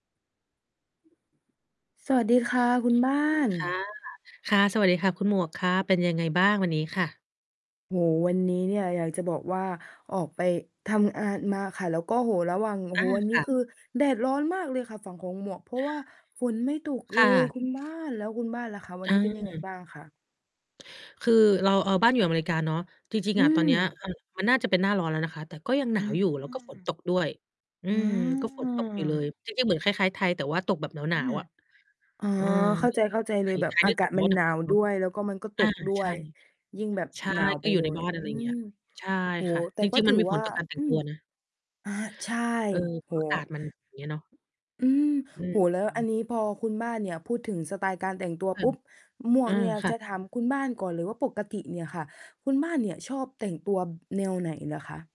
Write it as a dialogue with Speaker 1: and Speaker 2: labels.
Speaker 1: สวัสดีค่ะ คุณบ้า
Speaker 2: ดี
Speaker 1: น
Speaker 2: ค่ะ ค่ะ สวัสดีค่ะคุณหมวก ค่ะ เป็นยังไงบ้างวันนี้ค่ะ?
Speaker 1: โอ้โฮ วันนี้เนี่ยอยากจะบอกว่า ออกไปทำอานมาค่ะ แล้วก็ โอ้โฮ ระหว่าง โอ้
Speaker 2: อ
Speaker 1: โ
Speaker 2: า
Speaker 1: ฮ วันน
Speaker 2: ค
Speaker 1: ี้
Speaker 2: ่
Speaker 1: ค
Speaker 2: ะ
Speaker 1: ือแดดร้อนมากเลยค่ะฝั่งของหมวก เพราะว่าฝนไม่ตกเ
Speaker 2: ค
Speaker 1: ล
Speaker 2: ่ะ
Speaker 1: ยคุณบ้าน แล้วคุณบ้านล่ะคะ วัน
Speaker 2: อ
Speaker 1: นี้เป็นยังไง
Speaker 2: า
Speaker 1: บ้างคะ?
Speaker 2: คือเรา เอ่อ บ้านอยู่อเมริกาเนาะ จริง
Speaker 1: อ
Speaker 2: ๆ
Speaker 1: ื
Speaker 2: อะ ตอนเนี้ย
Speaker 1: ม
Speaker 2: มันน่าจะเป็นหน้าร้อนแล้วนะคะ แต่ก็ยังหน
Speaker 1: อ
Speaker 2: าวอยู่ แล้วก็ฝน
Speaker 1: า
Speaker 2: ตกด้วย อื
Speaker 1: อ
Speaker 2: ม ก็ฝนตกอยู่เล
Speaker 1: า
Speaker 2: ย จริง ๆ เหมือนคล้าย ๆ ไทย แต่ว่าตกแบบหน
Speaker 1: อ
Speaker 2: า
Speaker 1: า
Speaker 2: ว ๆ อะ
Speaker 1: อา
Speaker 2: เออ
Speaker 1: เข้า
Speaker 2: ไม่
Speaker 1: ใจ
Speaker 2: เหมือนไ
Speaker 1: ๆ
Speaker 2: ท
Speaker 1: เลย
Speaker 2: ย
Speaker 1: แบ
Speaker 2: ไท
Speaker 1: บ
Speaker 2: ย
Speaker 1: อ
Speaker 2: นี
Speaker 1: า
Speaker 2: ่
Speaker 1: ก
Speaker 2: ต
Speaker 1: าศ
Speaker 2: ก
Speaker 1: ม
Speaker 2: ร
Speaker 1: ั
Speaker 2: ้อ
Speaker 1: น
Speaker 2: นหน
Speaker 1: หนา
Speaker 2: ัก
Speaker 1: ว
Speaker 2: ๆ เนา
Speaker 1: ด้
Speaker 2: ะ
Speaker 1: วย แล้วก็มันก็ต
Speaker 2: อา
Speaker 1: กด้
Speaker 2: ใช
Speaker 1: ว
Speaker 2: ่
Speaker 1: ย ยิ่งแบบ
Speaker 2: ใช่
Speaker 1: หนาว
Speaker 2: ก
Speaker 1: ไป
Speaker 2: ็อยู
Speaker 1: เ
Speaker 2: ่
Speaker 1: ล
Speaker 2: ใน
Speaker 1: ย
Speaker 2: บ้าน
Speaker 1: อ
Speaker 2: อ
Speaker 1: ื
Speaker 2: ะไรเงี
Speaker 1: ม
Speaker 2: ้ย ใช่
Speaker 1: โอ้โ
Speaker 2: ค
Speaker 1: ฮ
Speaker 2: ่ะ
Speaker 1: แต่
Speaker 2: จร
Speaker 1: ก็
Speaker 2: ิง ๆ
Speaker 1: ถ
Speaker 2: มั
Speaker 1: ื
Speaker 2: น
Speaker 1: อ
Speaker 2: มีผ
Speaker 1: ว่
Speaker 2: ล
Speaker 1: า
Speaker 2: ต่อการแต่
Speaker 1: อ
Speaker 2: ง
Speaker 1: ื
Speaker 2: ตั
Speaker 1: ม
Speaker 2: วนะ
Speaker 1: อา ใช่
Speaker 2: เออ
Speaker 1: โ
Speaker 2: เ
Speaker 1: อ
Speaker 2: พ
Speaker 1: ้
Speaker 2: ราะ อ
Speaker 1: โ
Speaker 2: ากาศ
Speaker 1: ฮ
Speaker 2: มัน อย่างเงี้ยเนาะ
Speaker 1: อืม
Speaker 2: อื
Speaker 1: โอ้โฮ แล้วอั
Speaker 2: ม
Speaker 1: นนี้พอคุณบ้านเนี่ยพูดถึงสไตล์การแต่งตัว
Speaker 2: อื
Speaker 1: ป
Speaker 2: ม
Speaker 1: ุ๊บ หม
Speaker 2: เ
Speaker 1: ว
Speaker 2: อ
Speaker 1: ก
Speaker 2: อ
Speaker 1: เนี่ย
Speaker 2: ค่
Speaker 1: จ
Speaker 2: ะ
Speaker 1: ะถามคุณบ้าน ก่อนหรือว่าปกติเนี่ยค่ะ คุณบ้านเนี่ยชอบแต่งตัว บ แนวไหนเหรอคะ?